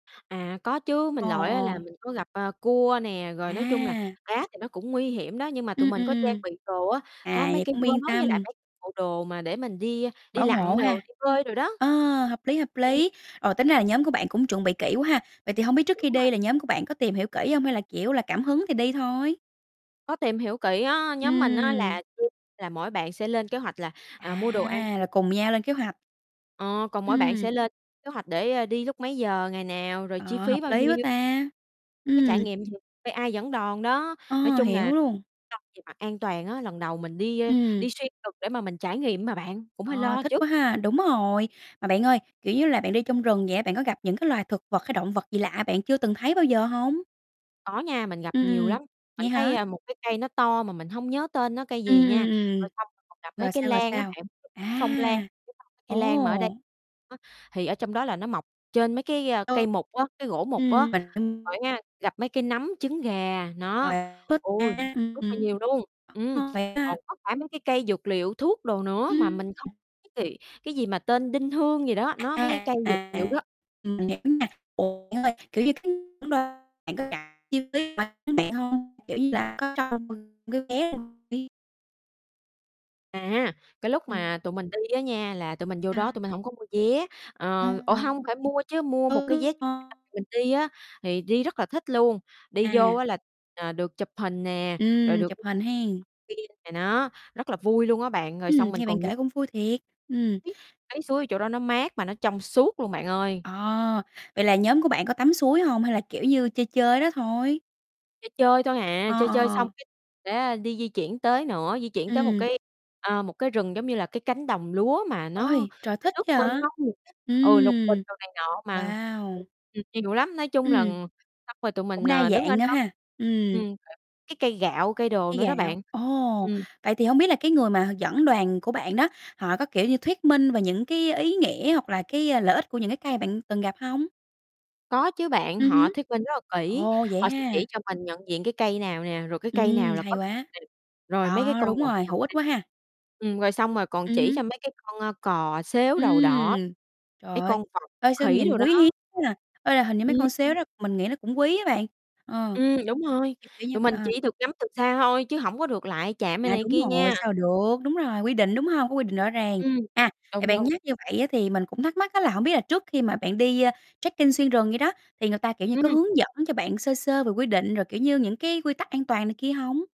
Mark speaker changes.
Speaker 1: À, có chứ,
Speaker 2: Ờ,
Speaker 1: mình lội á là
Speaker 2: ờ.
Speaker 1: mình có gặp, à, cua nè, rồi nói chung là
Speaker 2: À.
Speaker 1: cá thì nó cũng nguy hiểm đó, nhưng mà tụi
Speaker 2: Ừm,
Speaker 1: mình
Speaker 2: ừm,
Speaker 1: có trang
Speaker 2: ừm.
Speaker 1: bị đồ á, có
Speaker 2: À,
Speaker 1: mấy
Speaker 2: vậy
Speaker 1: cái
Speaker 2: cũng
Speaker 1: vớ
Speaker 2: yên
Speaker 1: với lại
Speaker 2: tâm.
Speaker 1: mấy bộ đồ mà để mình đi đi
Speaker 2: Bảo hộ
Speaker 1: lặn đồ,
Speaker 2: ha.
Speaker 1: đi bơi đồ đó.
Speaker 2: Ờ, hợp lý, hợp
Speaker 1: Ừm.
Speaker 2: lý, rồi tính ra là nhóm của bạn cũng chuẩn bị kỹ quá ha, vậy thì hông biết trước
Speaker 1: Đúng
Speaker 2: khi
Speaker 1: rồi.
Speaker 2: đi là nhóm của bạn có tìm hiểu kỹ hông, hay là, kiểu là, cảm hứng thì đi thôi?
Speaker 1: Có tìm hiểu kỹ á, nhóm mình á
Speaker 2: Ừm.
Speaker 1: là là mỗi bạn sẽ lên kế hoạch là, à, mua đồ ăn,
Speaker 2: À, là cùng nhau lên kế hoạch.
Speaker 1: ờ, còn mỗi bạn sẽ
Speaker 2: Ừm.
Speaker 1: lên kế hoạch để, ơ, đi lúc mấy giờ, ngày nào, rồi chi
Speaker 2: Ờ,
Speaker 1: phí
Speaker 2: hợp
Speaker 1: bao
Speaker 2: lý quá
Speaker 1: nhiêu
Speaker 2: ta,
Speaker 1: có trải
Speaker 2: ừm.
Speaker 1: nghiệm gì? Phải ai dẫn đoàn đó, nói
Speaker 2: Ờ,
Speaker 1: chung là
Speaker 2: hiểu luôn.
Speaker 1: [unintelligible] về mặt an toàn á, lần đầu mình đi, ơ,
Speaker 2: Ừm.
Speaker 1: đi xuyên rừng để mà mình trải nghiệm mà bạn, cũng hơi
Speaker 2: Ờ,
Speaker 1: lo
Speaker 2: thích
Speaker 1: chứ.
Speaker 2: quá ha, đúng rồi, mà bạn ơi, kiểu như là, bạn đi trong rừng vậy á, bạn có gặp những cái loài thực vật hay động vật gì lạ bạn chưa từng thấy bao giờ hông?
Speaker 1: Có nha, mình gặp
Speaker 2: Ừm,
Speaker 1: nhiều
Speaker 2: ừm,
Speaker 1: lắm. Mình
Speaker 2: vậy hả?
Speaker 1: thấy, a, một cái cây nó to mà mình hông nhớ tên nó cây
Speaker 2: Ừm,
Speaker 1: gì nha,
Speaker 2: ừm, ừm,
Speaker 1: rồi xong rồi còn gặp mấy
Speaker 2: rồi
Speaker 1: cái
Speaker 2: sao, rồi
Speaker 1: lan á
Speaker 2: sao?
Speaker 1: bạn,
Speaker 2: À,
Speaker 1: phong lan, cây lan mà ở đây
Speaker 2: ồ!
Speaker 1: á, thì ở trong đó là nó mọc trên mấy cái, a,
Speaker 2: Ừm.
Speaker 1: cây mục á, cái gỗ mục á.
Speaker 2: Ừm
Speaker 1: Rồi
Speaker 2: [unintelligible]
Speaker 1: á nha, gặp mấy cái nấm, trứng gà, nó,
Speaker 2: Và thích
Speaker 1: ôi,
Speaker 2: ăn,
Speaker 1: rất rất là nhiều luôn,
Speaker 2: đúng
Speaker 1: ừm,
Speaker 2: hông bạn
Speaker 1: còn
Speaker 2: ha?
Speaker 1: có cả mấy cái cây dược liệu, thuốc đồ nữa mà mình không
Speaker 2: Ừm.
Speaker 1: [unintelligible] cái gì mà tên Đinh Hương gì đó, nó mấy cái cây dược liệu
Speaker 2: À,
Speaker 1: đó,
Speaker 2: mình
Speaker 1: ừm.
Speaker 2: hiểu nha. Ủa, bạn ơi, kiểu như, c [unintelligible] bạn có cảm [unintelligible] đến bạn hông? Kiểu như là, có cho m cái vé mình đi
Speaker 1: À, cái lúc mà
Speaker 2: Ừm.
Speaker 1: tụi mình đi á nha là tụi mình vô đó
Speaker 2: À.
Speaker 1: tụi mình hổng có mua vé, ờ ủa,
Speaker 2: [unintelligible]
Speaker 1: hông, phải mua chứ, mua một
Speaker 2: Ừ,
Speaker 1: cái vé
Speaker 2: đúng rồi.
Speaker 1: [unintelligible] mình đi á, thì đi rất là thích luôn. Đi vô
Speaker 2: À.
Speaker 1: á là, ờ, được chụp hình nè, rồi
Speaker 2: Ừm,
Speaker 1: được
Speaker 2: chụp
Speaker 1: [unintelligible]
Speaker 2: hình hen.
Speaker 1: kia này nó, rất là vui luôn á bạn, rồi xong
Speaker 2: Ừm,
Speaker 1: mình
Speaker 2: nghe bạn
Speaker 1: còn nh
Speaker 2: kể cũng vui thiệt, ừm.
Speaker 1: Cái suối ở chỗ đó nó mát mà nó trong suốt luôn bạn ơi.
Speaker 2: Ờ, vậy là nhóm của bạn có tắm suối hông hay là, kiểu như, chơi chơi ở đó thôi?
Speaker 1: Chơi chơi thôi à,
Speaker 2: Ờ,
Speaker 1: chơi
Speaker 2: ờ,
Speaker 1: chơi xong
Speaker 2: ờ.
Speaker 1: cái sẽ đi di chuyển tới nữa, di chuyển tới một
Speaker 2: Ừm.
Speaker 1: cái, à, một cái rừng giống như là cái cánh đồng lúa mà nó
Speaker 2: Ôi, trời,
Speaker 1: nó
Speaker 2: thích
Speaker 1: nước mênh
Speaker 2: vậy!
Speaker 1: mông, ừ, lục bình
Speaker 2: Ừm,
Speaker 1: đồ này nọ mà,
Speaker 2: wow!
Speaker 1: ừm, nhiều lắm, nói chung là
Speaker 2: Ừm,
Speaker 1: xong rồi tụi
Speaker 2: cũng
Speaker 1: mình,
Speaker 2: đa
Speaker 1: ờ, đứng ở
Speaker 2: dạng nữa
Speaker 1: đó,
Speaker 2: ha, ừm.
Speaker 1: ừm, cái cây gạo, cây đồ
Speaker 2: Cây
Speaker 1: nữa đó
Speaker 2: gạo,
Speaker 1: bạn,
Speaker 2: ồ!
Speaker 1: ừm.
Speaker 2: Vậy thì hông biết là cái người mà h dẫn đoàn của bạn đó, họ có, kiểu như, thuyết minh về những cái ý nghĩa hoặc là cái, ơ, lợi ích của những cái cây mà bạn từng gặp hông?
Speaker 1: Có chứ bạn,
Speaker 2: Ừm
Speaker 1: họ
Speaker 2: hứ.
Speaker 1: thuyết minh rất là kỹ,
Speaker 2: Ồ, vậy
Speaker 1: họ sẽ
Speaker 2: ha!
Speaker 1: chỉ cho mình nhận diện cái cây nào nè, rồi cái cây
Speaker 2: Ừm,
Speaker 1: nào là
Speaker 2: hay
Speaker 1: có [unintelligible]
Speaker 2: quá!
Speaker 1: rồi mấy cái
Speaker 2: Đó,
Speaker 1: con
Speaker 2: đúng
Speaker 1: động
Speaker 2: rồi,
Speaker 1: vật
Speaker 2: hữu ích
Speaker 1: [unintelligible]
Speaker 2: quá ha!
Speaker 1: ừm, rồi xong rồi còn
Speaker 2: Ừm
Speaker 1: chỉ
Speaker 2: hứ.
Speaker 1: cho mấy cái con, ơ, cò, sếu đầu đỏ,
Speaker 2: Ừm, trời
Speaker 1: mấy
Speaker 2: ơi,
Speaker 1: con vật,
Speaker 2: ê, sao
Speaker 1: khỉ
Speaker 2: nhìn
Speaker 1: đồ đó.
Speaker 2: quý hiếm quá à. Ê, là hình như mấy
Speaker 1: Ừm.
Speaker 2: con sếu đó mình nghĩ nó cũng quý á bạn, ờ,
Speaker 1: Ừm, đúng rồi,
Speaker 2: kiểu, kiểu như
Speaker 1: tụi
Speaker 2: vậy,
Speaker 1: mình
Speaker 2: à.
Speaker 1: chỉ được ngắm từ xa thôi, chứ hổng có được lại chạm rồi
Speaker 2: À,
Speaker 1: này
Speaker 2: đúng
Speaker 1: kia
Speaker 2: rồi,
Speaker 1: nha.
Speaker 2: sao được. Đúng rồi, quy định, đúng hông? Có quy định rõ ràng,
Speaker 1: Ừm,
Speaker 2: à, thì
Speaker 1: đúng,
Speaker 2: bạn
Speaker 1: đúng.
Speaker 2: nhắc như vậy á thì mình cũng thắc mắc á là hổng biết là trước khi mà bạn đi, ơ, trekking xuyên rừng vậy đó, thì người ta, kiểu như, có
Speaker 1: Ừm.
Speaker 2: hướng dẫn cho bạn sơ sơ về quy định rồi, kiểu như, những cái quy tắc an toàn này kia hông?